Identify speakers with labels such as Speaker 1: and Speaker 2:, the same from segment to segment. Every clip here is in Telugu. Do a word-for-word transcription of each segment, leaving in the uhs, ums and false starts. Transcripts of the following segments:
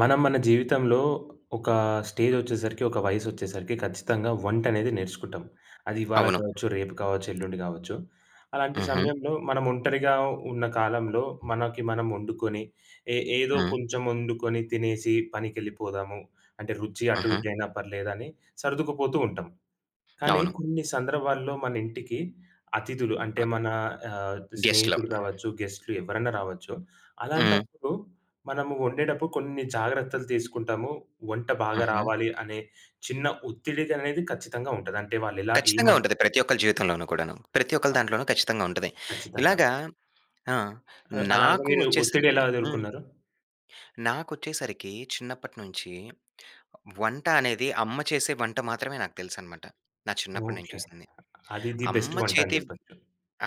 Speaker 1: మనం మన జీవితంలో ఒక స్టేజ్ వచ్చేసరికి, ఒక వయసు వచ్చేసరికి ఖచ్చితంగా వంట అనేది నేర్చుకుంటాం. అది ఇవాళ
Speaker 2: అవును.
Speaker 1: కావచ్చు, రేపు కావచ్చు, ఎల్లుండి కావచ్చు. అలాంటి
Speaker 2: హుహు.
Speaker 1: సమయంలో మనం ఒంటరిగా ఉన్న కాలంలో మనకి మనం వండుకొని, ఏ ఏదో
Speaker 2: హ్మ్.
Speaker 1: కొంచెం వండుకొని, తినేసి పనికెళ్ళిపోదాము. అంటే రుచి అటు
Speaker 2: ఆహా!
Speaker 1: ఇటు అయినా పర్లేదని సర్దుకుపోతూ ఉంటాం. కానీ
Speaker 2: అవును.
Speaker 1: కొన్ని సందర్భాల్లో మన ఇంటికి అతిధులు అంటే, మన ఆహ్,
Speaker 2: గెస్ట్‌లో
Speaker 1: స్నేహితులు కావచ్చు, గెస్ట్‌లు ఎవ్వరైనా రావచ్చు.
Speaker 2: హ్మ్.
Speaker 1: అలాంటప్పుడు మనము వండేటప్పుడు కొన్ని జాగ్రత్తలు తీసుకుంటాము. వంట బాగా
Speaker 2: హుహు.
Speaker 1: రావాలి అనే చిన్న ఒత్తిడి దనేది ఖచ్చితంగా ఉంటది. అంటే వాళ్ళు ఎలా
Speaker 2: ఖచ్చితంగా
Speaker 1: ఏమ
Speaker 2: ఉంటది. ప్రతి ఒక్కరి జీవితంలోనూ కూడాను. ప్రతి ఒక్కరి దాంట్లోనూ ఖచ్చితంగా ఉంటది.
Speaker 1: ఖచ్చితంగా.
Speaker 2: ఇలాగ ఆ!
Speaker 1: ఆ! అలాగా
Speaker 2: నాకు
Speaker 1: మీరు ఒత్తిడి
Speaker 2: వచ్చేసరికి
Speaker 1: ఎలా
Speaker 2: హ్మ్.
Speaker 1: ఎదురుకున్నారు?
Speaker 2: నాకు వచ్చేసరికి చిన్నప్పటి నుంచి వంట అనేది అమ్మ చేసే వంట మాత్రమే నాకు తెలుసు అన్నమాట. నా చిన్నప్పుడు నేను
Speaker 1: ఓకే.
Speaker 2: చూసింది.
Speaker 1: అది ది
Speaker 2: అమ్మ
Speaker 1: బెస్ట్ వంట అని
Speaker 2: చేతి
Speaker 1: చెప్పొచ్చు.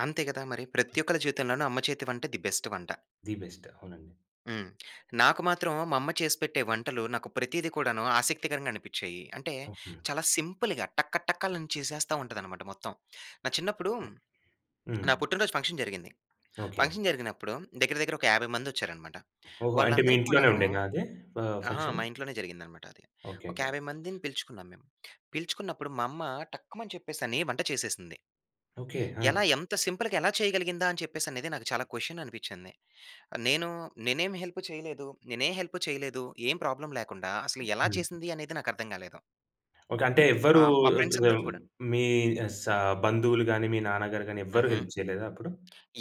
Speaker 2: అంతే కదా! మరి ప్రతి ఒక్కరి జీవితంలోనూ అమ్మ చేతి వంట ది బెస్ట్ వంట.
Speaker 1: The best. అవునండి.
Speaker 2: హ్మ్. నాకు మాత్రం మా అమ్మ చేసిపెట్టే వంటలు నాకు ప్రతీది కూడాను ఆసక్తికరంగా అనిపించాయి. అంటే,
Speaker 1: ఓహ్! హ్మ్.
Speaker 2: చాలా సింపుల్‌గా టకటకలను చేసేస్తా ఉంటది అన్నమాట మొత్తం. నా చిన్నప్పుడు,
Speaker 1: ఓకే. హ్మ్.
Speaker 2: నా పుట్టినరోజు ఫంక్షన్ జరిగింది.
Speaker 1: ఓకే.
Speaker 2: ఫంక్షన్ జరిగినప్పుడు దగ్గర దగ్గర ఒక యాభై మంది వచ్చారన్నమాట.
Speaker 1: ఓహో! అంటే మీ
Speaker 2: వాళ్ళందరికీ
Speaker 1: ఇంట్లోనే
Speaker 2: కూడాను
Speaker 1: ఉండేదా అదే ఫ
Speaker 2: అహా!
Speaker 1: ఫంక్షన్.
Speaker 2: మా ఇంట్లోనే జరిగింది అన్నమాట అది.
Speaker 1: ఓకే,
Speaker 2: ఒక
Speaker 1: ఓకే.
Speaker 2: యాభై మందిని పిలుచుకున్నాం మేము. పిలుచుకున్నప్పుడు మా అమ్మ టక్కుమని చెప్పేసి అని వంట చేసేసింది.
Speaker 1: ఓకే. ఆ!
Speaker 2: ఎలా ఎంత సింపుల్‌గా ఎలా చేయగలిగిందా అని చెప్పేసి నాకు చాలా క్వశ్చన్ అనిపించింది. నేను నేనేమి హెల్ప్ చేయలేదు, నేనే హెల్ప్ చేయలేదు, ఏం ప్రాబ్లమ్ లేకుండా అసలు ఎలా
Speaker 1: హ్మ్.
Speaker 2: చేసింది అనేది నాకు అర్థం కాలేదు.
Speaker 1: ఓకే. అంటే
Speaker 2: ఆ!
Speaker 1: ఎవ్వరూ
Speaker 2: మా ఫ్రెండ్స్ అందరికి కూడా.
Speaker 1: మీ స బంధువులు గాని, మీ నాన్నగారు గాని ఎవ్వరు
Speaker 2: హుహు.
Speaker 1: హెల్ప్ చేయలేదా అప్పుడు?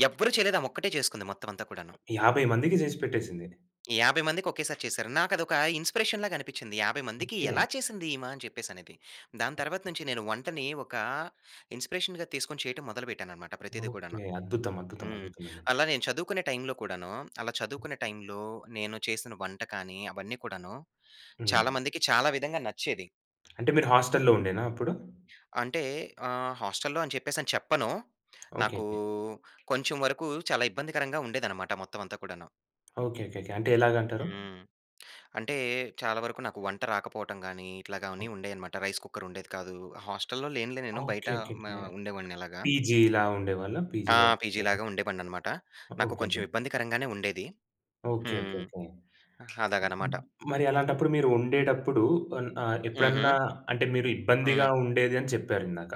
Speaker 2: ఎవ్వరు చేయలేదు. ఆమొక్కటే చేసుకుంది మొత్తమంతా కూడాను.
Speaker 1: యాభై మందికి చేసి పెట్టేసింది.
Speaker 2: యాభై మందికి ఒకేసారి చేసారు. నాకదొక ఇన్స్‌పిరేషన్ లాగ అనిపిచ్చింది. యాభై మందికి
Speaker 1: ఓకే.
Speaker 2: ఎలా చేసింది ఈమ? అని చెప్పేసనేది. దాని తర్వాత నుంచి నేను వంటని ఒక ఇన్స్‌పిరేషన్‌గా తీసుకొని చేయటం మొదలుపెట్టానన్నమాట ప్రతీది
Speaker 1: ఓకే.
Speaker 2: కూడాను.
Speaker 1: అద్భుతం! అద్భుతం!
Speaker 2: హ్మ్.
Speaker 1: అద్భుతమండి!
Speaker 2: అలా నేను చదువుకునే టైమ్‌లో కూడాను, అలా చదువుకునే టైమ్‌లో నేను చేసిన వంట కాని, అవన్నీ కూడాను
Speaker 1: హ్మ్.
Speaker 2: చాలా మందికి, చాలా విధంగా నచ్చేది.
Speaker 1: అంటే మీరు హాస్టల్లో ఉండేనా అప్పుడు?
Speaker 2: అంటే ఆహ్, హాస్టల్లో అని చెప్పేసని చెప్పను. నాకు
Speaker 1: ఓకేకే.
Speaker 2: కొంచెం వరకు చాలా ఇబ్బందికరంగా ఉండేదన్నమాట మొత్తమంతా కూడాను.
Speaker 1: ఓకేకేకే. అంటే ఎలాగంటారు?
Speaker 2: హ్మ్. అంటే చాలా వరకు నాకు వంట రాకపోవటం గాని, ఇట్లాగానీ ఉండేయన్నమాట. రైస్ కుక్కర్ ఉండేది కాదు. హాస్టల్లో లేనులే నేను. బయట మ
Speaker 1: ఓకేకేకే.
Speaker 2: ఉండేవాడిని అలాగ.
Speaker 1: పీజీల ఉండేవాళ్ళా?
Speaker 2: ఆ!
Speaker 1: పీజీలో
Speaker 2: పీజీ
Speaker 1: ఉండేవాళ్ళా?
Speaker 2: లాగా ఉండేవానన్నమాట. నాకు కొంచెం
Speaker 1: ఓకేకే.
Speaker 2: ఇబ్బందికరంగానే ఉండేది.
Speaker 1: ఓకే. ఓకే.
Speaker 2: హ్మ్.
Speaker 1: ఓకే.
Speaker 2: అలాగన్నమాట.
Speaker 1: మరి అలాంటప్పుడు మీరు వండేటప్పుడు అన్ ఆహ్, ఎప్పుడన్నా
Speaker 2: హుహు.
Speaker 1: అంటే మీరు ఇబ్బందిగా
Speaker 2: హ్మ్.
Speaker 1: ఉండేది అని చెప్పారు ఇందాక.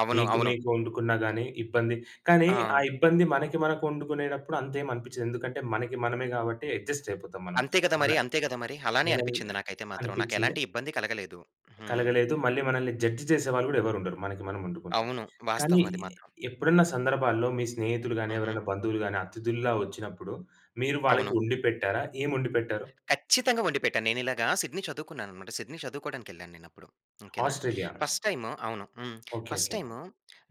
Speaker 2: అవును.
Speaker 1: మీకు
Speaker 2: అవును.
Speaker 1: మీకు వండుకున్న గాని ఇబ్బంది. కానీ ఆ
Speaker 2: ఆ!
Speaker 1: ఇబ్బంది మనకి మనకు వండుకునేటప్పుడు అంతేం అనిపించదు. ఎందుకంటే మనకి మనమే కాబట్టి అడ్జస్ట్ అయిపోతాం మనం.
Speaker 2: అంతే కదా మరి!
Speaker 1: అలా
Speaker 2: అంతే కదా మరి! అలానే అనిపిచ్చింది
Speaker 1: [unintelligible]
Speaker 2: నాకైతే మాత్రం.
Speaker 1: అనిపిచ్చిందా?
Speaker 2: నాకెలాంటి ఇబ్బంది కలగలేదు. హ్మ్.
Speaker 1: కలగలేదు. మళ్ళీ మనల్ని జడ్జ్ చేసేవాళ్ళు కూడా ఎవరు ఉండరు మనకి మనం వండుకుంటే.
Speaker 2: అవును.
Speaker 1: కానీ
Speaker 2: వాస్తవం అది మాత్రం.
Speaker 1: ఎప్పుడన్నా సందర్భాల్లో మీ స్నేహితులు గాని,
Speaker 2: హుహు.
Speaker 1: ఎవరైనా బంధువులు గాని, అతిథుల్లా వచ్చినప్పుడు, మీరు వాళ్ళకి
Speaker 2: అవును.
Speaker 1: వండి పెట్టారా? ఏం వండి పెట్టారు?
Speaker 2: ఖచ్చితంగా వండిపెట్టాను. నేను ఇలాగా సిడ్నీ చదువుకున్నానన్నమాట. సిడ్నీ చదువుకోవడానికి వెళ్ళానేనప్పుడు. ఓకేనా?
Speaker 1: ఆస్ట్రేలియా.
Speaker 2: ఫస్ట్ టైమ్ అవును. హ్మ్.
Speaker 1: ఓకే.
Speaker 2: First
Speaker 1: okay.
Speaker 2: టైమ్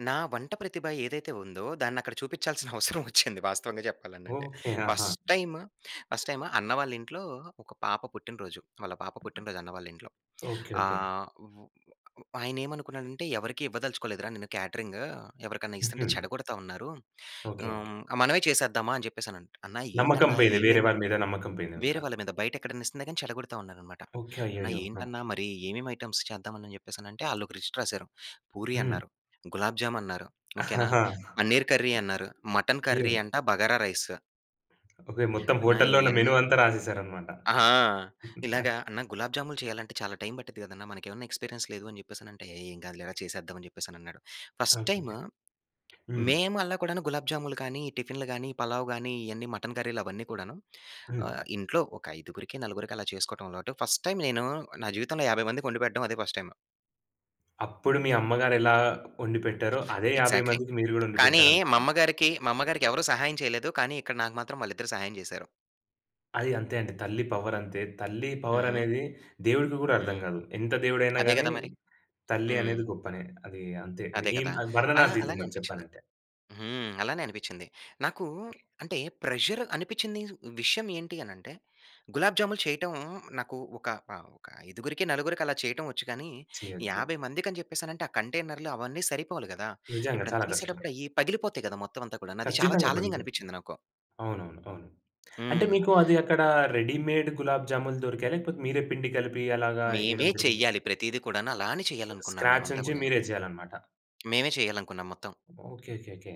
Speaker 2: నా వంట ప్రతిభ ఏదైతే ఉందో దాన్ని అక్కడ చూపించాల్సిన అవసరం వచ్చింది వాస్తవంగా చెప్పాలనంటే.
Speaker 1: ఓకే.
Speaker 2: ఫస్ట్
Speaker 1: ఆహా!
Speaker 2: టైమ్, ఫస్ట్ టైమ్ అన్న వాళ్లింట్లో ఒక పాప పుట్టిన రోజు, వాళ్ళ పాప పుట్టిన రోజు అన్న వాళ్లింట్లో.
Speaker 1: ఓకే. ఓకే.
Speaker 2: ఆహ్, ఓ ఆయన ఏమనుకున్నాడంటే ఎవరికీ ఇవ్వదలుచుకోలేదురా నేను క్యాటరింగ్, ఎవరికన్నా ఇస్తుంటే
Speaker 1: హుహు.
Speaker 2: చెడగొడతా ఉన్నారు.
Speaker 1: ఓకే. ఓకే.
Speaker 2: హ్మ్. మనమే చేసేద్దామా? అని చెప్పేసనంటే, అన్నా
Speaker 1: నమ్మకం
Speaker 2: ఏంటన్నా?
Speaker 1: పోయింది. వేరే
Speaker 2: ఏమేమి?
Speaker 1: వాళ్ళ మీద నమ్మకం పోయిందింక.
Speaker 2: వేరే వాళ్ళ మీద బయటెక్కడన్నా ఇస్తున్నా గాని చెడగొడతా ఉన్నారన్నమాట.
Speaker 1: ఓకే.
Speaker 2: అన్నా
Speaker 1: అయ్యయ్యో! ఆ!
Speaker 2: ఏంటన్నా? మరి ఏమేం ఐటెమ్స్ చేద్దాం అని చెప్పేసనంటే వాళ్ళొక లిస్ట్ రాసారు. పూరి
Speaker 1: హ్మ్.
Speaker 2: అన్నారు, గులాబ్ జామ్ అన్నారు, ఓకేనా? పనీర్ కర్రీ అన్నారు, మటన్ కర్రీ
Speaker 1: అయ్యో!
Speaker 2: అంట బగారా రైస్.
Speaker 1: ఓకే. మొత్తం
Speaker 2: నా
Speaker 1: హోటల్‌లో ఉన్న
Speaker 2: ఇయన్నీ
Speaker 1: మెను అంతా రాసేశారనమాట.
Speaker 2: ఆహా! ఇలాగా అన్న గులాబ్‍జాములు చెయ్యాలంటే చాలా టైమ్ పట్టిద్ది కదన్నా, మనకేవన్నా ఎక్స్‌పీరియన్స్ లేదు అని చెప్పేసనంటే, "ఏం కాదులేరా చేసేద్దాం" అని చెప్పేసనన్నాడు. First time
Speaker 1: ఓకెకే. హ్మ్.
Speaker 2: మేము అలా కూడాను, గులాబ్‌జాములు కానీ, టిఫిన్‌లు గానీ, పలావ్ గానీ, ఇయన్నీ మటన్ కర్రీలవన్నీ కూడాను.
Speaker 1: హ్మ్.
Speaker 2: ఆహ్, ఇంట్లో ఒక ఐదుగురికి, నలుగురికి అలా చేసుకోటం అలవాటు. ఫస్ట్ టైమ్ నేను, నా జీవితంలో యాభై మందికొండిపెట్టడం అదే ఫస్ట్ టైమ్.
Speaker 1: అప్పుడు మీ అమ్మగారు ఎలా ఒండిపెట్టారో, అదే యాభై
Speaker 2: ఎగ్జాక్ట్‌లీ,
Speaker 1: మందికి మీరు గూడా
Speaker 2: కానీ
Speaker 1: ఒండిపెట్టారనమాట.
Speaker 2: మమ్మగారికి మమ్మగారికి ఎవరు సహాయం చెయ్యలేదు, కానీ ఇక్కడ నాకు మాత్రం వాళ్ళిద్దరు సహాయం చేశారు.
Speaker 1: అది అంతే అండి. తల్లి పవరంతే. తల్లి
Speaker 2: హుహు.
Speaker 1: పవరనేది దేవుడికి గూడా అర్థం
Speaker 2: హ్మ్.
Speaker 1: గాదు. ఎంత దేవుడైనా
Speaker 2: అదే
Speaker 1: గానీ,
Speaker 2: గదా మరి.
Speaker 1: తల్లి
Speaker 2: హ్మ్.
Speaker 1: అనేది గొప్పనే. అదీ అంతే.
Speaker 2: అదే
Speaker 1: ఏం
Speaker 2: కదా!
Speaker 1: అది
Speaker 2: ఆ!
Speaker 1: వర్ణనాతీతం
Speaker 2: అలానే
Speaker 1: అది
Speaker 2: అనిపిచ్చింది.
Speaker 1: చెప్పాలంటే.
Speaker 2: హ్మ్. అలానే అనిపిచ్చింది. నాకూ అంటే, ప్రెజర్ అనిపిచ్చిందీదు. విషయం ఏంటి అనంటే, గులాబ్‌జాములు చెయ్యటం నాకు ఒక ఆహ్, ఒక ఐదుగురికి, నలుగురికి అలా చెయ్యటం ఒచ్చు, కానీ
Speaker 1: చెయొచ్చు.
Speaker 2: యాభై మందికి అని చెప్పేశానంటే, ఆ కంటైనర్లు అవన్నీ సరిపోవాలి గదా!
Speaker 1: నిజంగా.
Speaker 2: ఎప్పుడన్నా
Speaker 1: చాలా కష్టం.
Speaker 2: తీసేటప్పుడయ్యీ పగిలిపోతాయి కదా మొత్తం అంతా కూడాను. అది చాలా
Speaker 1: ఖచ్చితంగా
Speaker 2: ఛాలెంజింగ్‌గా
Speaker 1: పగిలిపోతాయి.
Speaker 2: అనిపిచ్చింది నాకు.
Speaker 1: అవునవును. అవును. అంటే,
Speaker 2: హ్మ్.
Speaker 1: మీకు అది అక్కడా రెడీమేడ్ గులాబ్‌జాములు దొరికాయా? లేకపోతే మీరే పిండి కలిపి అలాగా
Speaker 2: మేవే
Speaker 1: యెయ్యడం జరిగిందా?
Speaker 2: చెయ్యాలి ప్రతీది కూడాను. అలానే చేయాలనుకున్నాం
Speaker 1: స్క్రాచ్
Speaker 2: మేమంతా
Speaker 1: నించి
Speaker 2: కూడాను.
Speaker 1: మీరే చెయ్యాలనమాట.
Speaker 2: మేమే చేయాలనుకున్నాం మొత్తం.
Speaker 1: ఓకేకేకే.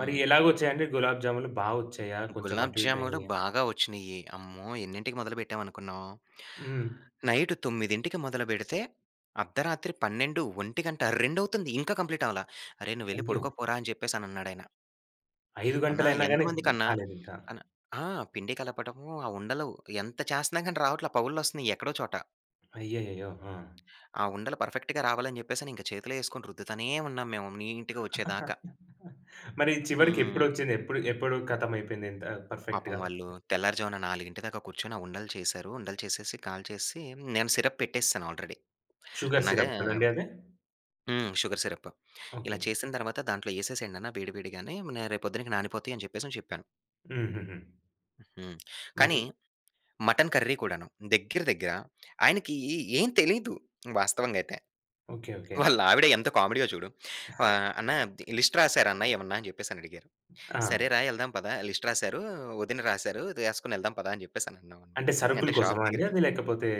Speaker 1: మరి ఎలాగొచ్చాయండి గులాబ్ జామూలు? బా వచ్చాయా? కొంచెం
Speaker 2: గులాబు
Speaker 1: అటు ఇటు
Speaker 2: జామూలు
Speaker 1: అయినయ?
Speaker 2: బాగా వచ్చినియి. అమ్మో! ఎన్నింటికి మొదలు పెట్టాం అనుకున్నావు?
Speaker 1: హ్మ్.
Speaker 2: నైటు తొమ్మిదింటికి మొదలు బెడితే అద్దరాత్రి పన్నెండు ఒంటిగంట, రెండవుతుంది. ఇంకా కంప్లీటవల. "అరె నువ్వెళ్లి
Speaker 1: అయ్యో!
Speaker 2: పడుకో పోరా!" అని జెప్పేసని అన్నాడాయన.
Speaker 1: ఐదు
Speaker 2: అన్నా!
Speaker 1: గంటలయినా గాని ద్
Speaker 2: ఎంతమందికన్నా!
Speaker 1: కాలేదింకా.
Speaker 2: అన్ ఆ! పిండి కలపటము, ఆ ఉండలు ఎంత చేస్తన్నా గాని రావట్ల. పగుళ్ళొస్తున్నాయి ఎక్కడో చోట.
Speaker 1: అయ్యయ్యయ్యో! ఆ!
Speaker 2: ఆ ఉండలు పర్ఫెక్ట్‌గా రావాలని జెప్పేసని ఇంక చేతిలో యేసుకొని రుద్దుతానే ఉన్నాం మేము నీట్‌గా వచ్చేదాకా.
Speaker 1: మరి చివరికి
Speaker 2: హ్మ్.
Speaker 1: ఎప్పుడొచ్చింది? ఎప్పుడు ఎప్పుడు కతమయిపోయింది ఇంత
Speaker 2: పాపం
Speaker 1: పర్ఫెక్ట్‌గా.
Speaker 2: వాళ్ళూ తెల్లారుజామున నాలుగింటి దాక కూర్చొని ఆ ఉండలు చేశారు. ఉండలు చేసేసి కాల్చేసి నేను సిరప్ పెట్టేస్సాను ఆల్రెడీ.
Speaker 1: షుగర్
Speaker 2: అన్నాగా
Speaker 1: సిరప్ కదండీ అది?
Speaker 2: హ్మ్. Sugar syrup. "ఇలా
Speaker 1: ఓకే.
Speaker 2: చేసిన తర్వాత దాంట్లో యేసేసేయండన్న వేడి వేడిగానే, రేపొద్దునకి నానిపోతాయని" చెప్పేసని చెప్పాను.
Speaker 1: హుహుహు.
Speaker 2: హ్మ్. కానీ
Speaker 1: మరి
Speaker 2: మటన్ కర్రీ కూడాను. దగ్గర దగ్గర ఆయనకి ఏ ఏం తెలీదు వాస్తవంగయితే.
Speaker 1: ఓకే. ఓకే.
Speaker 2: వాళ్ళావిడ ఎంత కామెడీయో చూడు. ఆ! "అన్నా అది లిస్ట్ రాసారా, అన్నా ఏమన్నా?" అని చెప్పేసని అడిగారు.
Speaker 1: అ!
Speaker 2: "సరే రా యెళ్దాం పదా! లిస్ట్ రాసారు. వదిన రాసారు, దా యేసుకొని యెళ్దాం పదా!" అని జెప్పేసని అన్నా అనమాట.
Speaker 1: అంటే సరుకుల
Speaker 2: అంటే షాప్
Speaker 1: కోసమా అండి
Speaker 2: దగ్గరికెళ్
Speaker 1: అది లేకపోతే?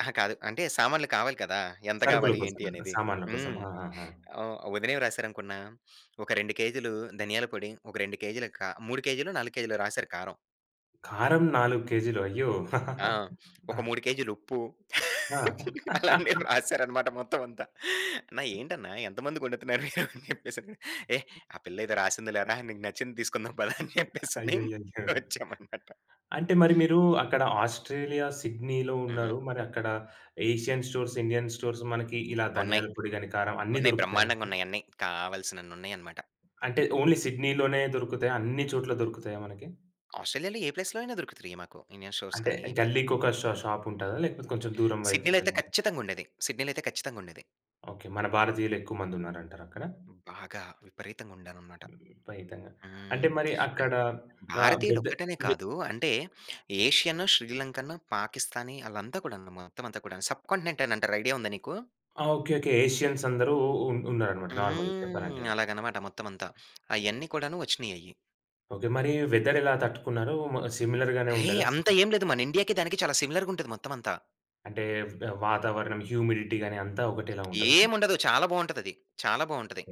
Speaker 2: అహా! కాదు. అంటే సామాన్లు కావాలి కదా! ఎంత
Speaker 1: సరుకుల
Speaker 2: గావాలి
Speaker 1: కోసం
Speaker 2: ఏంటి
Speaker 1: అంటే
Speaker 2: అనేది?
Speaker 1: సామాన్ల
Speaker 2: హ్మ్
Speaker 1: కోసమా? ఆహాహా!
Speaker 2: ఆహ్, వదినేం రాసారనుకున్న, "ఒక రెండు కేజీలూ ధనియాల పొడి, ఒక రెండు కేజీలు కా మూడు కేజీలో, నాలుగు కేజీలో" రాసారు కారం.
Speaker 1: కారం నాలుగు కేజీలు అయ్యో!
Speaker 2: ఆ!
Speaker 1: ఆ!
Speaker 2: ఒక మూడు కేజీల ఉప్పు
Speaker 1: ఆ!
Speaker 2: అలాంటియి రాసారన్నమాట మొత్తం అంతా. అన్నా ఏంటన్న ఎంతమందికి వండుతున్నారు అని చెప్పేసని. ఎహ్, ఆ పిళ్ళేదో రాసింది లేరా నీకు నచ్చింది తీసుకుందాం పదా అని చెప్పేసని
Speaker 1: అయ్యయ్యయ్యో!
Speaker 2: వచ్చామనమాట.
Speaker 1: అంటే మరి మీరు అక్కడ ఆస్ట్రేలియా, సిడ్నీ‌లో
Speaker 2: హుహు.
Speaker 1: ఉన్నారు. మరి అక్కడ ఏషియన్ స్టోర్స్, ఇండియన్ స్టోర్స్ మనకి ఇలా
Speaker 2: ఉన్నయి.
Speaker 1: ధనియాల పొడి గాని, కారం. అన్ని
Speaker 2: ఉన్నయి
Speaker 1: దొరుకుతున్నాయా మీకు?
Speaker 2: బ్రహ్మాండంగున్నయి అన్నీ. కావాల్సినన్ని ఉన్నాయన్నమాట.
Speaker 1: అంటే ఓన్లీ సిడ్నీ లోనే దొరుకుతాయా? అన్ని చోట్ల దొరుకుతాయా మనకి?
Speaker 2: ఆస్ట్రేలియాలో ఏ ప్లేస్‌లో అయినా దొరుకుతాయి మాకు, ఇండియన్ స్టోర్స్
Speaker 1: అంటే
Speaker 2: కానీ ఇట్లాగా.
Speaker 1: గల్లికొక ష
Speaker 2: హ్మ్.
Speaker 1: షాప్ ఉంటదా? లేకపోతే కొంచెం దూరం వైపుకు
Speaker 2: సిడ్నీ‌లో అయితే
Speaker 1: వెళ్లాల?
Speaker 2: ఖచ్చితంగా ఉండేది. సిడ్నీ‌లో అయితే ఖచ్చితంగా ఉండేది.
Speaker 1: ఓకె. మన భారతీయులు ఎక్కువ మంది ఉన్నారంటారా అక్కడ?
Speaker 2: బాగా విపరీతంగా ఉండారనమాట.
Speaker 1: విపరీతంగ.
Speaker 2: హ్మ్.
Speaker 1: అంటే మరి అక్కడ
Speaker 2: అంటే
Speaker 1: ఆహ్,
Speaker 2: భారతీయులు
Speaker 1: వెద
Speaker 2: ఒక్కటనే
Speaker 1: వె
Speaker 2: కాదు అంటే ఏషియన్, శ్రీలంకన్, పాకిస్తానీ ఆళ్ళంతా కూడాను మొత్తం అంతా కూడాను, సబ్‌కాంటినెంట్ అని అంటారు ఐడియా ఉందా నీకు?
Speaker 1: ఆ! Okay okay. ఎసియన్స్ అందరూ ఉ ఉన్నారన్నమాట నార్మల్‌గా చెప్పాలంటే.
Speaker 2: హ్మ్. అలాగనమాట మొత్తం అంతా అయన్నీ కూడాను వచ్చినయ్యయ్యి.
Speaker 1: ఓకె. మరి వెదర్ ఎలా తట్టుకున్నారు? మ సిమిలర్‌గానే
Speaker 2: ఏయ్!
Speaker 1: ఉండేదా?
Speaker 2: అంత ఏమి లేదు మన ఇండియా‌కి దానికి చాలా సిమిలర్‌గా ఉంటది మొత్తం అంతా.
Speaker 1: అంటే, వుడ వాతావరణం హ్యుమిడిటి గానీ, అంతా ఒకటేలా ఉంటదా?
Speaker 2: ఏముండదు. చాలా బావుంటదది. చాలా బావుంటది.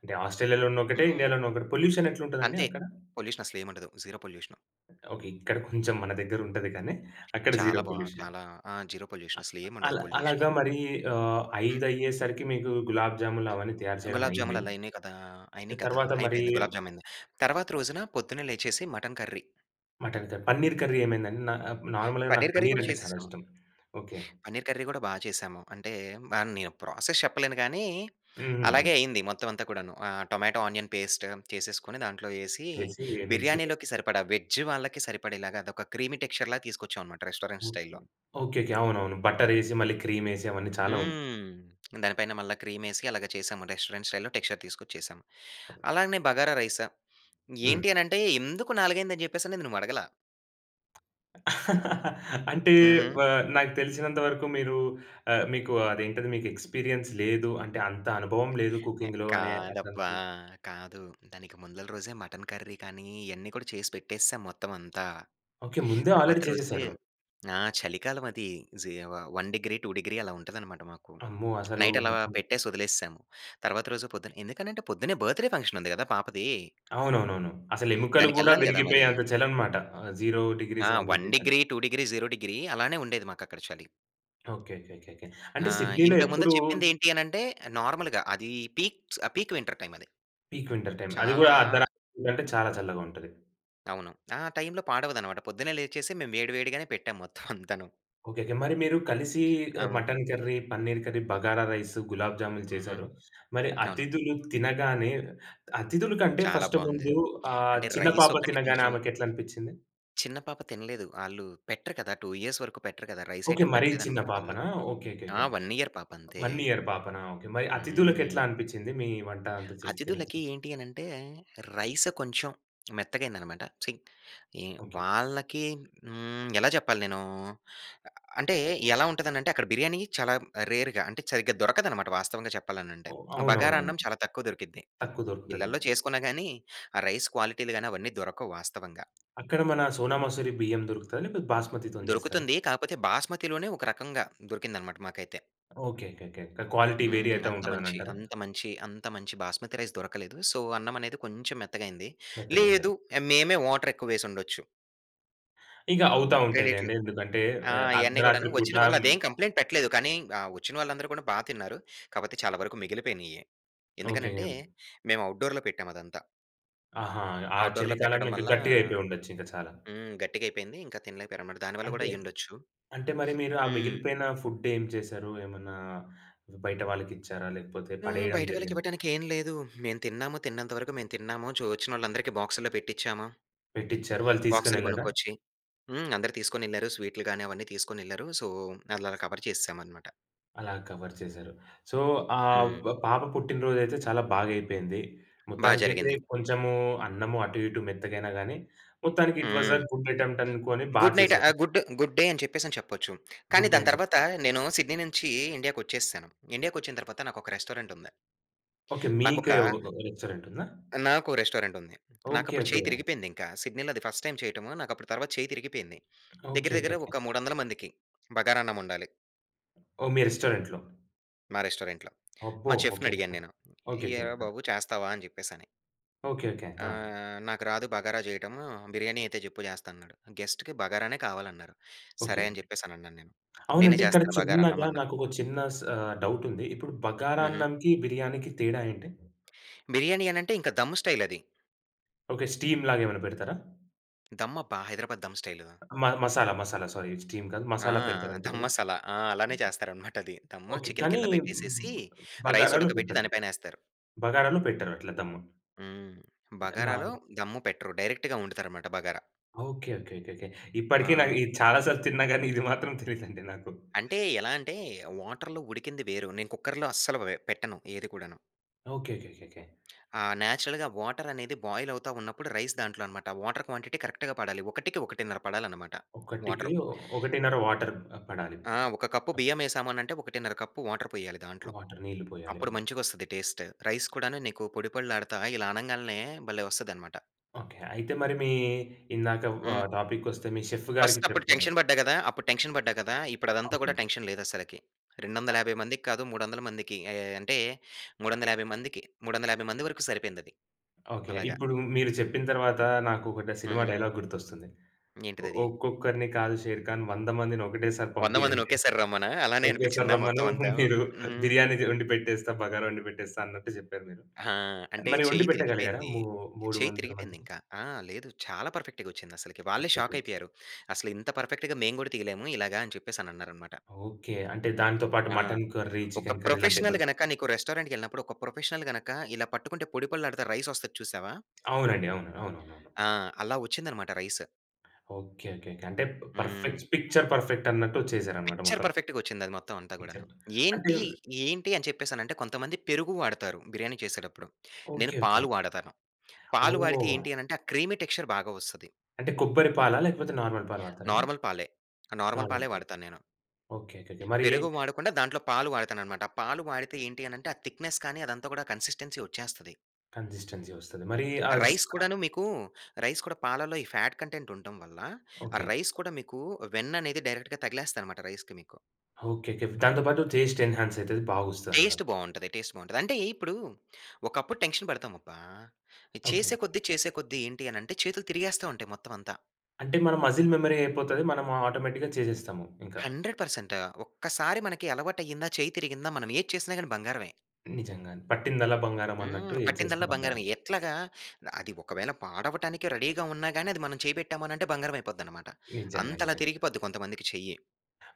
Speaker 1: అంటే, ఆస్ట్రేలియాలో ఉన్నా ఒకటే,
Speaker 2: హ్మ్.
Speaker 1: ఇండియాలో ఉన్న ఒకటే. పొల్యూషనెట్లుంటదండి
Speaker 2: అంతే.
Speaker 1: అక్కడ?
Speaker 2: పొల్యూషనసలేముండదు. Zero pollution.
Speaker 1: ఓకే. ఇక్కడ కొంచం మన దగ్గరుంటది కానీ అక్కడ జీరో
Speaker 2: చాలా బా
Speaker 1: పొల్యూషన్.
Speaker 2: చాలా ఆ! Zero pollution. అసలేముండదు
Speaker 1: అలా అలాగా
Speaker 2: పొల్యూషను.
Speaker 1: మరీ ఆహ్,
Speaker 2: హ్మ్.
Speaker 1: ఐదయ్యేసరికి మీకూ గులాబ్‌జాములు అవన్నీ తయారు చెయడం
Speaker 2: గులాబ్‌జాములు
Speaker 1: అయింది.
Speaker 2: అలా అయినయి కదా!
Speaker 1: ఎ
Speaker 2: అయినియి కదా!
Speaker 1: తర్వాత మరీ
Speaker 2: అయిపోయింది. గులాబ్‌జామయింది. తర్వాత రోజున పొద్దున్నే లేచేసి మటన్ కర్రీ.
Speaker 1: మటన్ కర్ పన్నీర్ కర్రీ ఏమైందండి? నాప్ నార్మల్‌గా నాకు
Speaker 2: పన్నీర్ కర్రీ కూడా
Speaker 1: పన్నీరంటే చాలా
Speaker 2: చేసేశాము.
Speaker 1: ఇష్టం. ఓకే.
Speaker 2: పన్నీర్ కర్రీ గూడా బా చేశాము. అంటే, వ నేను ప్రాసెస్ చెప్పలేను గానీ, అలాగే
Speaker 1: హుహుహు.
Speaker 2: అయింది మొత్తం అంతా కూడాను. ఆహ్, టొమాటో ఆనియన్ పేస్ట్ చేసేసుకొని, దాంట్లో యేసీ,
Speaker 1: వేసీ, మిక్సీలేస్
Speaker 2: బిర్యానీలోకి సరిపడా, వెజ్జ్ వాళ్ళకి సరిపడేలాగా, అదొక క్రీమీ టెక్చర్‌లాగా తీసుకొచ్చావనమాట రెస్టారెంట్
Speaker 1: ఓకే.
Speaker 2: స్టైల్‌లో.
Speaker 1: ఓకేకే. అవునవును. బటరేసి, మళ్ళీ క్రీమేసి, అవన్నీ చాలా ఉన్
Speaker 2: హ్మ్. దాని పైన మళ్ళా క్రీమేసి అలాగ చేశాము. రెస్టారెంట్ స్టైల్‌లో టెక్చర్ తీసుకొచ్చేశాము. అలానే బగారా రైస్.
Speaker 1: హ్మ్.
Speaker 2: ఏంటి అనంటే, ఎందుకు నాలుగైందని చెప్పేసనేది నువ్వు అడగల.
Speaker 1: అంటే,
Speaker 2: హుహు.
Speaker 1: వ నాకు తెలిసినంత వరకు మీరూ ఆహ్, మీకు అదేంటది, మీకు ఎక్స్‌పీరియన్స్ లేదు. అంటే, అంత అనుభవం లేదు
Speaker 2: ఎ
Speaker 1: కుకింగ్‌లో అనే
Speaker 2: కాదబ్బా!
Speaker 1: అట్లనుకున్నా
Speaker 2: కాదు. దానికి ముందల రోజే మటన్ కర్రీ కానీ, ఇయన్నీ కూడా చేసి పెట్టేసేశాం మొత్తవంతా.
Speaker 1: ఓకే. ముందే
Speaker 2: తర్వాత
Speaker 1: ఆల్రెడీ
Speaker 2: రోజు
Speaker 1: చేసేశారు.
Speaker 2: ఆ! చలికాలవది. జీ వ వన్ డిగ్రీ టూ డిగ్రీ, అలా ఉంటదనమాట మాకు.
Speaker 1: అమ్మో! అసలు
Speaker 2: నైట్ అలా
Speaker 1: మొత్తం
Speaker 2: పెట్టేసి ఒదిలేసేశాము. తర్వాత రోజు పొద్దున ఎందుకనంటే, పొద్దున్నే బర్త్‌డే ఫంక్షనుంది గదా పాపదీ.
Speaker 1: అవునవునవును. అసలు ఎముకలు గూడా
Speaker 2: దానికెళ్ళాలి గదా మరి.
Speaker 1: విరిగిపోయేంత చలనమాట, ఆహ్, జీరో
Speaker 2: ఆ!
Speaker 1: డిగ్రీస్, వన్
Speaker 2: వన్
Speaker 1: డిగ్రీసంటే.
Speaker 2: Degree, two degree, zero degree. అలానే ఉండేది మాకక్కడ చలి.
Speaker 1: ఓకే. ఓకే. ఓకేకే. అంటే,
Speaker 2: ఆ!
Speaker 1: సిడ్నీలో
Speaker 2: ఇంతకు ముందల
Speaker 1: ఎప్పుడూ
Speaker 2: చెప్పింది ఏంటి అనంటే, ఆహ్, నార్మల్‌గా. అదీ పీక్స్ పీక్ వింటర్ టైమది.
Speaker 1: Peak winter time. అది
Speaker 2: చాలా
Speaker 1: గూడా అర్ధరాత్రులంటే చాలా చల్లగుంటది.
Speaker 2: అవును. ఆ టైమ్‌లో పాడవదనమాట. పొద్దున్నే లేచేసి మేము వేడి వేడిగానే పెట్టాం మొత్తం అంతాను.
Speaker 1: ఓకెకె. మరి మీరు కలిసి ఆహ్,
Speaker 2: అవును.
Speaker 1: Mutton curry, paneer curry, bagara rice, gulab jamun
Speaker 2: హుహు.
Speaker 1: చేశారు. మరి
Speaker 2: అవును.
Speaker 1: అతిథులు తినగానే అతిధుల కంటే
Speaker 2: చాలా
Speaker 1: ఫస్ట్
Speaker 2: బాగుంది.
Speaker 1: ముందు ఆ
Speaker 2: అంటే
Speaker 1: చిన్న
Speaker 2: రైస్
Speaker 1: పాప
Speaker 2: ఒక్కటి
Speaker 1: తినగానే
Speaker 2: కొంచెం
Speaker 1: ఆమెకెట్ల అనిపించింది?
Speaker 2: చిన్న పాప తినలేదు. ఆళ్ళు పెట్టరు కదా, టూ ఇయర్స్ వరకు పెట్టరు కదా! Rice
Speaker 1: okay.
Speaker 2: ఐటం
Speaker 1: మరీ చిన్న
Speaker 2: పెట్టలేదన్నమాట వాళ్ళు.
Speaker 1: పాపనా? ఓకె ఓకె
Speaker 2: ఆ!
Speaker 1: ఓకె.
Speaker 2: వన్ ఇయర్ పాప అంతే.
Speaker 1: వన్ ఇయర్ పాపనా? ఓకె. మరి అతిథులకి
Speaker 2: హ్మ్.
Speaker 1: ఎట్లా అనిపించింది మీ వంట అంతా చేసి తి‌న
Speaker 2: అతిథులకి
Speaker 1: త
Speaker 2: ఏంటి అని అంటే రైస్ కొంచెం మెత్తగా అయ్యింది అన్నమాట. సి ఏం
Speaker 1: ఓకె.
Speaker 2: వాళ్ళకి హ్మ్. ఎలా చెప్పాలి నేను. అంటే ఎలా ఉంటది అంటే అక్కడ బిర్యానీ చాలా రేర్‌గా అంటే సరిగ్గా దొరకదన్నమాట వాస్తవంగా చెప్పాలంటే.
Speaker 1: ఓహ్! అవునవునవును.
Speaker 2: బగారన్నం చాలా తక్కువ దొరికిద్ది.
Speaker 1: తక్కువ దొరుకుతది.
Speaker 2: ఇళ్ళలో చేసుకున్న గాని ఆ రైస్ క్వాలిటీ‌లు గాని అవన్నీ దొరకవు వాస్తవంగా.
Speaker 1: అక్కడ మన సోనా మసూరి బియ్యం దొరుకుతాదా లేకపోతే బాస్మతి‌తో‌ని చేస్తారా?
Speaker 2: దొరుకుతుంది. కాకపోతే బాస్మతిలోనే ఒక రకంగా దొరికిందన్నమాట మాకైతే.
Speaker 1: ఓకెకెకె. క్వాలిటీ వేరీ
Speaker 2: హ్మ్.
Speaker 1: అయితా
Speaker 2: అంత
Speaker 1: ఉంటది అని
Speaker 2: మంచి
Speaker 1: అంటారా?
Speaker 2: అంత మంచి, అంత మంచి బాస్మతి రైస్ దొరకలేదు. సో అన్నం అనేది కొంచెం మెత్తగా అయ్యింది.
Speaker 1: మెత్తగ అయ్యింద?
Speaker 2: లేదు ఏ మేమే వాటర్ ఎక్కువ వేసి ఉండొచ్చు.
Speaker 1: ఇగ అవుతా ఉంటాయి
Speaker 2: రెండిట్లో.
Speaker 1: లెండి ఎందుకంటే
Speaker 2: ఆ!
Speaker 1: ఆహ్,
Speaker 2: ఇయన్నీ కూడాను
Speaker 1: అర్ధరాత్రి
Speaker 2: వచ్చిన
Speaker 1: పూటా
Speaker 2: వాళ్ళు అదేం కంప్లైంట్ పెట్టలేదు కానీ, ఆహ్, వచ్చిన వాళ్ళందరూ కూడా బా తిన్నారు. కాకపోతే చాలా వరకు మిగిలిపోయినయే.
Speaker 1: ఓకె.
Speaker 2: ఎందుకనంటే, మేము ఔట్‌డోర్‌లో పెట్టాం అదంతా.
Speaker 1: అహా! ఆ
Speaker 2: ఔట్‌డోర్‌లో పెట్టడం
Speaker 1: చలికాలంలో ఇంకా
Speaker 2: వల్ల,
Speaker 1: గట్టిగయిపోయుండొచ్చు ఇంకా చాలా.
Speaker 2: హ్మ్! గట్టిగైపోయింది. ఇంకా తినలేక పోయారన్నమాట. దాని వల్ల
Speaker 1: అంటే,
Speaker 2: కూడా అయ్యుండొచ్చు.
Speaker 1: అంటే మరి మీరు ఆ
Speaker 2: హ్మ్.
Speaker 1: మిగిలిపోయిన ఫుడ్ ఏం చేశారు? ఏమన్నా బయట వాళ్ళకిచ్చారా? లేకపోతే
Speaker 2: ఆ!
Speaker 1: పడేయడం
Speaker 2: బయట వాళ్ళకి
Speaker 1: జరిగింద?
Speaker 2: ఇవ్వటానికి ఏం లేదు. మేము తిన్నాము, తిన్నంత వరకు మేము తిన్నాము. చో ఒచ్చినోళ్ళందరికి బాక్స్‌లో పెట్టిచ్చామ.
Speaker 1: పెట్టిచ్చారు. వాళ్ళు తీసుకొని
Speaker 2: బాక్స్‌లు
Speaker 1: ఎళ్ళాడా?
Speaker 2: గొనుక్కొచ్చి. హ్మ్, అందరు తీసుకొనెళ్లారు. స్వీట్‌లు గాని అవన్నీ తీసుకొనెళ్లారు. సో అలా ఆర్ కవర్ చేసేసాం అన్నమాట.
Speaker 1: అలా కవర్ చేసారు. సో ఆహ్
Speaker 2: హ్మ్.
Speaker 1: బ్ పాప పుట్టినరోజైతే చాలా బాగా అయిపోయింది.
Speaker 2: బా
Speaker 1: మొత్తానికైతే
Speaker 2: జరిగింది.
Speaker 1: కొంచెము అన్నము అటు ఇటు మెత్తగైనా గాని, మొత్తానికి ఇట్ వాస్ అ
Speaker 2: హ్మ్.
Speaker 1: గుడ్ అటెంప్ట్ అనుకోని బా
Speaker 2: గుడ్ నైట్
Speaker 1: చేసారు.
Speaker 2: ఆహ్, గుడ్డు గుడ్ డే అని చెప్పేసి అని చెప్పొచ్చు. కానీ
Speaker 1: గుడ్ డే
Speaker 2: దాని
Speaker 1: అని చెప్
Speaker 2: తర్వాత నేను సిడ్నీ నుంచి ఇండియా‌కొచ్చేసాను. ఇండియాకొచ్చిన తర్వాత నాకొక రెస్టారెంట్ ఉంది.
Speaker 1: ఓకె.
Speaker 2: నాకొక
Speaker 1: మీకే ఒక ఒక రెస్టారెంట్ ఉందా?
Speaker 2: ఆ! నాకో రెస్టారెంట్ ఉంది.
Speaker 1: ఓకె,
Speaker 2: నాకప్పుడు చెయ్యి
Speaker 1: ఓకె.
Speaker 2: తిరిగిపోయింది ఇంక. సిడ్నీ‌లో అది ఫస్ట్ టైమ్ చేయటము. నాకప్పుడు తర్వాత చెయ్యి తిరిగిపోయింది. దగ్గర దగ్గర
Speaker 1: ఓకెకెకె.
Speaker 2: ఒక మూడొందల మందికి బగారన్నం ఒండాలి.
Speaker 1: ఓహ్! మీ రెస్టారెంట్‌లో.
Speaker 2: మా రెస్టారెంట్‌లో.
Speaker 1: అబ్బో!
Speaker 2: మా
Speaker 1: ఓకె.
Speaker 2: చెఫ్‌నడిగాను
Speaker 1: ఆ!
Speaker 2: నేను.
Speaker 1: ఓకెకె.
Speaker 2: ఏరా
Speaker 1: ఆ!
Speaker 2: బాబు చేస్తావా? అని జెప్పేసి అని.
Speaker 1: ఓకెకె. ఆ!
Speaker 2: "ఆహ్, నాకు రాదు బగారా చేయటము, బిర్యానీ అయితే జెప్పు జెస్తా" అన్నాడు. గెస్ట్‌కి బగారానే కావాలన్నారు.
Speaker 1: ఓకె.
Speaker 2: సరే అని జెప్పేసి అని అన్నానేను. నేనే
Speaker 1: అవునండి ఇక్కడ
Speaker 2: చేస్తాను బగారన్నం
Speaker 1: చిన్నగా
Speaker 2: అన్నా.
Speaker 1: నాకొక చిన్న స్ ఆహ్, డౌట్ ఉంది. ఇప్పుడు బగారా
Speaker 2: హుహు.
Speaker 1: అన్నంకి, బిర్యానీకి తేడా ఏంటి?
Speaker 2: బిర్యానీ అని అంటే ఇంక దమ్మ్ స్టైల్ అది.
Speaker 1: ఓకె. స్టీమ్‌ లాగా ఏమైనా పెడతారా?
Speaker 2: దమ్ అబ్బా! హైదరాబాద్ దమ్ స్టైలు.
Speaker 1: మన మసాలా, మసాలా సారీ స్టీమ్ కాదు.
Speaker 2: ఆ!
Speaker 1: మసాలా పెడతారు అనుకుంట
Speaker 2: ధమ్
Speaker 1: కదా?
Speaker 2: మసాలా ఆ! అలానే చేస్తారనమాట అది. దమ్
Speaker 1: ఓకె.
Speaker 2: చికెన్
Speaker 1: కానీ,
Speaker 2: కింద పెట్టేసేసి రైస్
Speaker 1: బగారాలో
Speaker 2: ఉడకబెట్టి
Speaker 1: పెట్టరు.
Speaker 2: దానిపైనేస్తారు.
Speaker 1: బగారాలో పెట్టరు. అట్లా దమ్.
Speaker 2: హ్మ్. బగారాలో
Speaker 1: [unintelligible]
Speaker 2: దమ్ము పెట్టరు. డైరెక్ట్‌గా వండుతారనమాట బగారా.
Speaker 1: ఓకె ఓకె ఓకెకె. ఇప్పటికి నాకు
Speaker 2: ఆ!
Speaker 1: చాలా సార్లు తిన్నా గాని. ఇది మాత్రం తెలియదండి నాకు.
Speaker 2: అంటే ఎలా అంటే, వాటర్‌లో ఉడికింది వేరు నేను కుక్కర్‌లో అస్సలు వె పెట్టను ఏది కూడాను.
Speaker 1: ఓకె. ఓకెకెకె.
Speaker 2: ఆ! నేచురల్‌గా వాటర్ అనేది బాయిల్ అవుతా ఉన్నప్పుడు రైస్ దాంట్లో అన్నమాట. వాటర్ క్వాంటిటి కరెక్ట్‌గా పడాలి. ఒకటికి ఒకటిన్నర పడాలి అన్నమాట
Speaker 1: ఒకటికి
Speaker 2: వాటరు.
Speaker 1: ఒ ఒకటిన్నర వాటర్ పడాలి.
Speaker 2: ఆ! ఒక కప్పు
Speaker 1: ఓకె.
Speaker 2: బియ్యం ఏసామని అంటే ఒకటిన్నర కప్పు వాటర్ పోయాలి దాంట్లో.
Speaker 1: వాటర్. నీళ్ళు పోయ్యాలి.
Speaker 2: అప్పుడు మంచిగొస్తది టేస్ట్. రైస్ కూడాను నీకు పొడి పొడలాడతా ఇలా అనంగానే భలే వస్తది అన్నమాట.
Speaker 1: ఓకె. అయితే మరి మీ ఇందాక వ
Speaker 2: హ్మ్.
Speaker 1: టాపిక్కొస్తే మీ చెఫ్ గారికి
Speaker 2: ఫర్స్ట్ అప్పుడు
Speaker 1: చెప్పేను.
Speaker 2: టెన్షన్ పడ్డా కదా! అప్పుడు టెన్షన్ పడ్డా కదా. ఇప్పుడు అదంతా కూడా
Speaker 1: అవునండి.
Speaker 2: టెన్షన్ లేదసలకి. రెండొందల
Speaker 1: అ
Speaker 2: యాభై మందికి కాదు మూడొందల మందికి. అయే అంటే మూడొందల యాభై మందికి. మూడొందల యాభై మంది వరకు సరిపోయిందది.
Speaker 1: ఓకే
Speaker 2: అలాగ.
Speaker 1: ఇప్పుడు మీరు చెప్పిన తర్వాత నాకు ఒక డ సినిమా
Speaker 2: హుహు.
Speaker 1: డైలాగ్ గుర్తొస్తుంది.
Speaker 2: ఏంటిదది?
Speaker 1: "ఒక్కొక్కరిని కాదు షేర్ఖాన్ వందమందిని ఒకటేసారి
Speaker 2: వంద మందిని
Speaker 1: పంపియండి" అని.
Speaker 2: ఒకెసారి రమ్మనా? అలానే
Speaker 1: ఒకేసారి
Speaker 2: అనిపించిందా
Speaker 1: రమ్మను.
Speaker 2: మొత్తం అంతా?
Speaker 1: మీరు
Speaker 2: హుహు.
Speaker 1: బిర్యానీ ది వండి పెట్టేస్తా. బగారా వండి పెట్టేస్తా అన్నట్టు చెప్పారు మీరు.
Speaker 2: ఆ! అంటే
Speaker 1: మరి వండి
Speaker 2: చెయ్యి
Speaker 1: పెట్టగలిగారా
Speaker 2: తిరిగిపోయింది.
Speaker 1: ము మూడు
Speaker 2: చెయ్యి
Speaker 1: వందల
Speaker 2: తిరిగిపోయింది
Speaker 1: మందికి?
Speaker 2: ఇంక. ఆ! లేదు. చాలా పర్ఫెక్ట్‌గా వచ్చింది అసలకి. వాళ్ళే
Speaker 1: పర్ఫెక్ట్‌.
Speaker 2: షాక్ అయిపోయారు. "అసలు ఇంత పర్ఫెక్ట్‌గా మేము కూడా తియలేము ఇలాగ" అని చెప్పేసి అన్నారన్నమాట.
Speaker 1: ఓకె. అంటే దానితో పాటు
Speaker 2: ఆ!
Speaker 1: మటన్ కర్రీ,
Speaker 2: ఒక
Speaker 1: చికెన్ కర్రీ లాంటివి
Speaker 2: ప్రొఫెషనల్
Speaker 1: కూడ చె
Speaker 2: గనక నీకు రెస్టారెంట్‌కెళ్ళినప్పుడు, ఒక ప్రొఫెషనల్ గనక ఇలా పట్టుకుంటే పొడిపొడిలాడతా రైసొస్తది చూసావా?
Speaker 1: అవునండి. అవును అవునవునవును.
Speaker 2: ఆ! అలా వచ్చిందనమాట రైస్.
Speaker 1: ఓకే. ఓకే. అంటే
Speaker 2: హ్మ్.
Speaker 1: పర్ఫెక్ట్ పిక్చర్ పర్ఫెక్టన్నట్టు వచ్చేసారనమాట
Speaker 2: పిక్చర్
Speaker 1: మొత్తం.
Speaker 2: పర్ఫెక్ట్‌గొచ్చింది అది మొత్తం అంతా గూడాను.
Speaker 1: పిక్చర్ అంటే
Speaker 2: ఏంటి? ఏంటి అని చెప్పేసనంటే కొంతమంది పెరుగు వాడుతారు బిర్యానీ చేసేటప్పుడు. నేను
Speaker 1: ఓకే. ఓకే.
Speaker 2: పాలు వాడతాను. పాలు వాడితే
Speaker 1: ఓహ్!
Speaker 2: ఏంటి అని అంటే ఆ క్రీమీ టెక్‌స్చ‌ర్ బాగా వస్తది.
Speaker 1: అంటే కొబ్బరి పాలా? లేకపోతే నార్మల్ పాలు వాడతారా అండి?
Speaker 2: నార్మల్ పాలే. ఆ! నార్మల్ పాలే
Speaker 1: నార్మల్ పాలు.
Speaker 2: వాడతా నేను.
Speaker 1: ఓకే. ఓకే. ఓకే. మరీ
Speaker 2: పెరుగు వాడకుండా దాంట్లో పాలు వాడుతాననమాట. ఆ పాలు వాడితే ఏంటి అనంటే ఆ థిక్‌నెస్ కానీ అదంతా గూడా కన్సి‌స్టెన్సి వచ్చేస్తది.
Speaker 1: కన్సిస్టెన్సి వస్తది. మరీ ఆస్
Speaker 2: రైస్
Speaker 1: ఆ!
Speaker 2: కూడాను మీకూ, రైస్ కూడా పాలల్లో ఈ ఫాట్ కంటెంట్ ఉంటం వల్ల ఆ
Speaker 1: ఓకే.
Speaker 2: రైస్ కూడా మీకు వెన్ననేది డైరెక్ట్‌గా తగిలేస్తాదనమాట రైస్‌కి మీకు.
Speaker 1: ఓకే. ఓకే. దాంతో పాటు టేస్ట్ ఎనహన్సయితది బాగొస్తది అంటారు.
Speaker 2: టేస్ట్ బావుంటది. టేస్ట్ బావుంటది. అంటే ఇప్పుడూ ఒకప్పుడు టెన్‌క్షన్ పడతామబ్బా!
Speaker 1: ఓకే.
Speaker 2: చేసే కొద్ది, చేసే కొద్ది ఏంటి అనంటే చేతులు తిరిగేస్తూ ఉంటాయి మొత్తవంతా.
Speaker 1: అంటే మన మజిల్ మెమరీ అయిపోతది. మనము ఆటోమేటిక్‌గా చేసేస్తాము ఇంకా.
Speaker 2: హండ్రెడ్ పర్సెంట్ ఒక్కసారి మనకి అలవాటయ్యిందా! చేయ్యి తిరిగిందా! మనమేది చేసినా గాని బంగారమే.
Speaker 1: నిజంగానే పట్టిందల బంగారమన్నట్టు
Speaker 2: హ్మ్.
Speaker 1: ఏది చేసిన
Speaker 2: పట్టిందల్లా
Speaker 1: బంగారమే.
Speaker 2: బంగారమే. ఎట్లాగా? ఆహ్, అది ఒకవేళ పాడవటానికి రెడీగా ఉన్నా గాని, అది మనం చేయి పెట్టాము అని అంటే బంగారం అయిపోద్దనమాట.
Speaker 1: నిజంగా.
Speaker 2: అంతలా
Speaker 1: నిజంగా.
Speaker 2: తిరిగిపోద్ది కొంతమందికి చెయ్యి.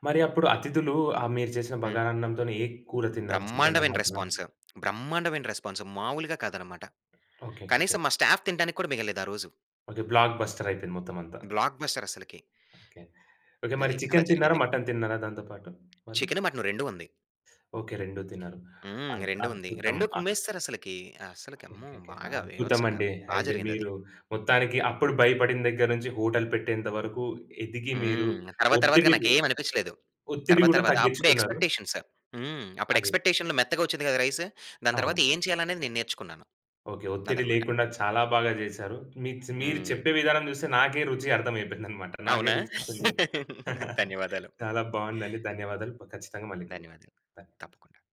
Speaker 1: మరి అప్పుడు అతిథులు ఆహ్, మీరు చేసిన
Speaker 2: హ్మ్.
Speaker 1: బగారన్నం‌తోని ఏ కూర తిన్నారు? చికెనా?
Speaker 2: బ్రహ్మాండమైన
Speaker 1: మటనా?
Speaker 2: రెస్పాన్స్. బ్రహ్మాండమైన రెస్పాన్సు మావూలుగా కాదనమాట.
Speaker 1: ఓకే. ఓకే. ఓకే.
Speaker 2: కనీసం మా స్టాఫ్ తినటానికి కూడా మిగలలేదు ఆ రోజు.
Speaker 1: ఓకే. బ్లాక్‌బస్టరయిపోయింది మొత్తమంతా.
Speaker 2: బ్లాక్‌బస్టరసలికి.
Speaker 1: ఓకే. ఓకే. మరి
Speaker 2: అది. అలా
Speaker 1: చికెను తిన్నారా?
Speaker 2: జరిగింది.
Speaker 1: మటను తిన్నారా? దాంతో పాటు వాళ్ళు?
Speaker 2: చికెను, మటను రెండూ ఉంది.
Speaker 1: ఓకే. రెండూ తిన్నారు.
Speaker 2: హ్మ్.
Speaker 1: అద్
Speaker 2: రెండూ ఉంది.
Speaker 1: అద్భుతం.
Speaker 2: రెండూ కుమ్మేసెసరసలకి. అస్సలకి
Speaker 1: ఓకే.
Speaker 2: అమ్మో!
Speaker 1: ఓకే. ఓకే.
Speaker 2: బాగా బీభత్సంగా
Speaker 1: అద్భుతమండి.
Speaker 2: బా
Speaker 1: అయితే
Speaker 2: జరిగిందది.
Speaker 1: మీరు మొత్తానికి అప్పుడు భయపడిన దగ్గర నుంచి హోటల్ పెట్టేంతవరకు ఎదిగి మీరు
Speaker 2: హ్మ్. తర్వాత, తర్వాతగా
Speaker 1: ఒత్తిడిమీద
Speaker 2: నాకేమి అనిపిచ్చలేదు.
Speaker 1: ఒత్తిడి
Speaker 2: తర్వాత
Speaker 1: గూడా
Speaker 2: తర్వాత అప్పుడే
Speaker 1: తగ్గిచ్చుకున్నారు.
Speaker 2: ఎక్స్‌పెక్‌టేషన్సు. హ్మ్. అప్పుడు
Speaker 1: అది.
Speaker 2: ఎక్స్‌పెక్‌టేషన్‌లో మెత్తగా వచ్చింది కదా! రైసు. దాని తర్వాత
Speaker 1: అవును.
Speaker 2: ఏం చేయాలనేది నేను నేర్చుకున్నాను.
Speaker 1: ఓకె. ఒత్తిడి
Speaker 2: అదనమాట.
Speaker 1: లేకుండా చాలా బాగా జేసారు. మీత్‌స్ మీరు
Speaker 2: హ్మ్.
Speaker 1: చెప్పే విధానం చూస్తే నాకే రుచి అర్థమయిపోయిందనమాట. నాకే
Speaker 2: అవునా?
Speaker 1: రుచొచ్చింది.
Speaker 2: ధన్యవాదాలు.
Speaker 1: చాలా బాగుందండి. ధన్యవాదాలు. ప ఖచ్చితంగా మళ్ళీ కలుగుతాం.
Speaker 2: ధన్యవాదాలు.
Speaker 1: ధన్యవాదాలు.
Speaker 2: తప్పకుండ.